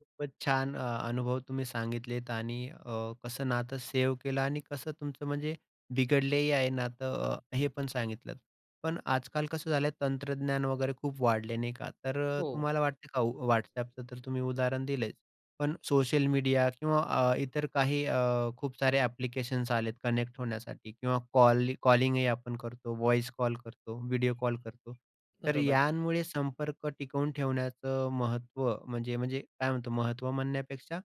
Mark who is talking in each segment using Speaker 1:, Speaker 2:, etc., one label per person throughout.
Speaker 1: खूपच छान अ, अनुभव तुम्ही सांगितलेत आणि अ, कसं नातं सेव्ह केलं आणि कसं तुमचं म्हणजे बिघडलेही आहे नातं अ, हे पण सांगितलं. पण आजकाल कसं झालंय तंत्रज्ञान वगैरे खूप वाढलं नाही का. तर अ,
Speaker 2: हो.
Speaker 1: तुम्हाला वाटतं का WhatsAppचं तर तुम्ही उदाहरण दिलंच पण सोशल मीडिया किंवा अ, इतर काही अ, खूप सारे ॲप्लिकेशन्स आलेत कनेक्ट होण्यासाठी किंवा कॉल कॉलिंगही आपण करतो व्हॉइस कॉल करतो व्हिडिओ कॉल करतो. तर
Speaker 2: बरोबर.
Speaker 1: यामुळे संपर्क टिकवून ठेवण्याचं महत्त्व म्हणजे म्हणजे काय म्हणतो महत्त्व म्हणण्यापेक्षा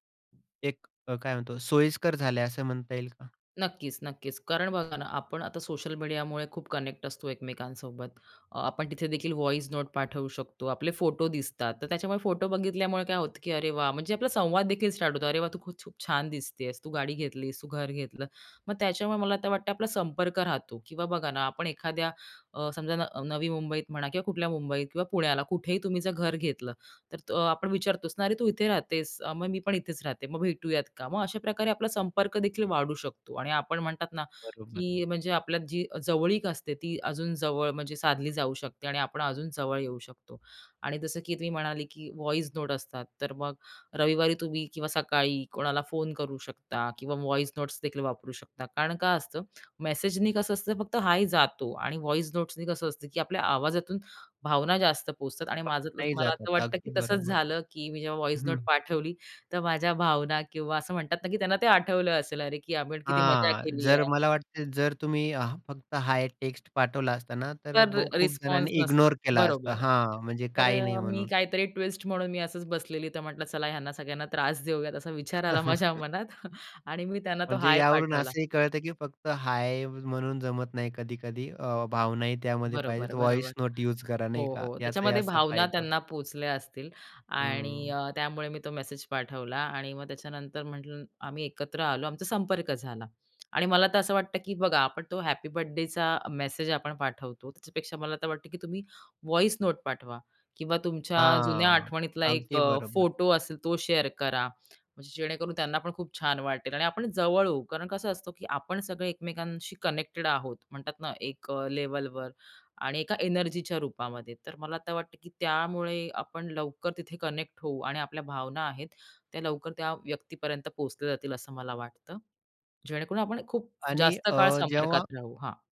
Speaker 1: एक अ, काय म्हणतो, सोयीस्कर झालंय असं म्हणता येईल का?
Speaker 2: नक्कीच, नक्कीच, कारण बघा ना, आपण आता सोशल मीडियामुळे खूप कनेक्ट असतो एकमेकांसोबत. आपण तिथे देखील व्हॉईस नोट पाठवू शकतो. आपले फोटो दिसतात, तर त्याच्यामुळे फोटो बघितल्यामुळे काय होतं, की अरे, वाह! म्हणजे आपला संवाददेखील स्टार्ट होतो. अरे, वाह! तू खूप-खूप छान दिसतेस, तू गाडी घेतलीस, तू घर घेतलं. मग त्याच्यामुळे मला तर वाटते, आपला संपर्क राहतो. की बघा ना आपण एखाद्या अ, समजा न नवी मुंबई मुंबईत म्हणा किंवा कुठल्या मुंबईत किंवा पुण्याला कुठेही तुम्ही जर घर घेतलं तर अ, आपण विचारतोस ना अरे, तू इथे राहतेस? मग मी पण इथेच राहते मग भेटूयात का? मग अशा प्रकारे आपला संपर्क देखील वाढू शकतो आणि आपण म्हणतात ना,
Speaker 1: बरोबर.
Speaker 2: की अ, म्हणजे आपल्या जी जवळीक असते, ती अजून जवळ म्हणजे साधली जाऊ शकते आणि आपण अजून जवळ येऊ शकतो आणि जसं की तुम्ही म्हणाले, की व्हॉईस नोट असतात, तर मग रविवारी तुम्ही किंवा सकाळी कोणाला फोन करू शकता किंवा व्हॉईस नोट्सदेखील वापरू शकता. कारण काय असतं? मेसेजनी कसं असतं, फक्त हाय जातो आणि वॉईस नोट्सनी कसं असतं की आपल्या आवाजातून भावना जास्त पोहोचतात आणि माझं
Speaker 1: [unintelligible] नाही
Speaker 2: मला
Speaker 1: जातात
Speaker 2: असं वाटतं, की
Speaker 1: अगदी
Speaker 2: तसंच
Speaker 1: बरोबर.
Speaker 2: झालं की मी जेव्हा व्हॉईस
Speaker 1: हं.
Speaker 2: नोट पाठवली तर माझ्या भावना किंवा असं म्हणतात ना, की त्यांना ते आठवलं असेल अरे, की आम्ही किती मजा
Speaker 1: हां,
Speaker 2: केली
Speaker 1: जर
Speaker 2: आहे.
Speaker 1: मला वाटतं जर तुम्ही फक्त हाय एक टेक्स्ट पाठवला असता ना, तर
Speaker 2: तर
Speaker 1: खूप
Speaker 2: रिस्पॉन्स
Speaker 1: जणांनी
Speaker 2: नसतं,
Speaker 1: इग्नोर केला असता.
Speaker 2: बरोबर.
Speaker 1: हां, म्हणजे
Speaker 2: तर
Speaker 1: काही नाही
Speaker 2: अ, मी
Speaker 1: म्हणून.
Speaker 2: काहीतरी ट्विस्ट म्हणून मी असंच बसलेली, तर म्हटलं चला ह्यांना सगळ्यांना त्रास देऊयात असा विचार आला माझ्या मनात आणि मी तेव्हा त्यांना तो
Speaker 1: म्हणजे
Speaker 2: हाय
Speaker 1: यावरून
Speaker 2: पाठवला.
Speaker 1: असंही कळतं, की फक्त हाय म्हणून जमत नाही कधी-कधी अ, भावनाही त्यामध्ये
Speaker 2: बरोबर,
Speaker 1: पाहिजेत.
Speaker 2: बरोबर,
Speaker 1: व्हॉईस नोट युज करा
Speaker 2: हो,
Speaker 1: नाही का
Speaker 2: हो,
Speaker 1: याचा
Speaker 2: त्याच्यामध्ये
Speaker 1: असा
Speaker 2: भावना
Speaker 1: फायदा होतो.
Speaker 2: त्यांना पोहोचल्या असतील आणि
Speaker 1: हं.
Speaker 2: अ, त्यामुळे मी तो मेसेज पाठवला आणि मग त्याच्यानंतर म्हटलं आम्ही एकत्र आलो आमचा संपर्क झाला आणि मला तर असं वाटतं, की बघा आपण तो हॅपी बर्थडेचा मेसेज आपण पाठवतो, त्यापेक्षा मला तर वाटतं, की तुम्ही व्हॉईस नोट पाठवा किंवा तुमच्या जुन्या
Speaker 1: हां,
Speaker 2: आठवणीतला एक
Speaker 1: अगदी
Speaker 2: अ,
Speaker 1: बरोबर.
Speaker 2: फोटो तो असेल तो शेअर करा. म्हणजे जेणेकरून त्यांना पण खूप छान वाटेल आणि आपण जवळ होऊ. कारण कसं असतं, की आपण सगळे एकमेकांशी कनेक्टेड आहोत म्हणतात ना एक अ, लेव्हलवर आणि एका एनर्जीच्या रूपामध्ये. तर मला तर वाटतं, की त्यामुळे आपण लवकर तिथे कनेक्ट होऊ आणि आपल्या भावना आहेत त्या लवकर त्या व्यक्तीपर्यंत पोहोचल्या जातील असं मला वाटतं जेणेकरून आपण खूप
Speaker 1: आणि
Speaker 2: जास्त
Speaker 1: अ,
Speaker 2: काळ
Speaker 1: जेव्हा
Speaker 2: संपर्कात राहू. हां.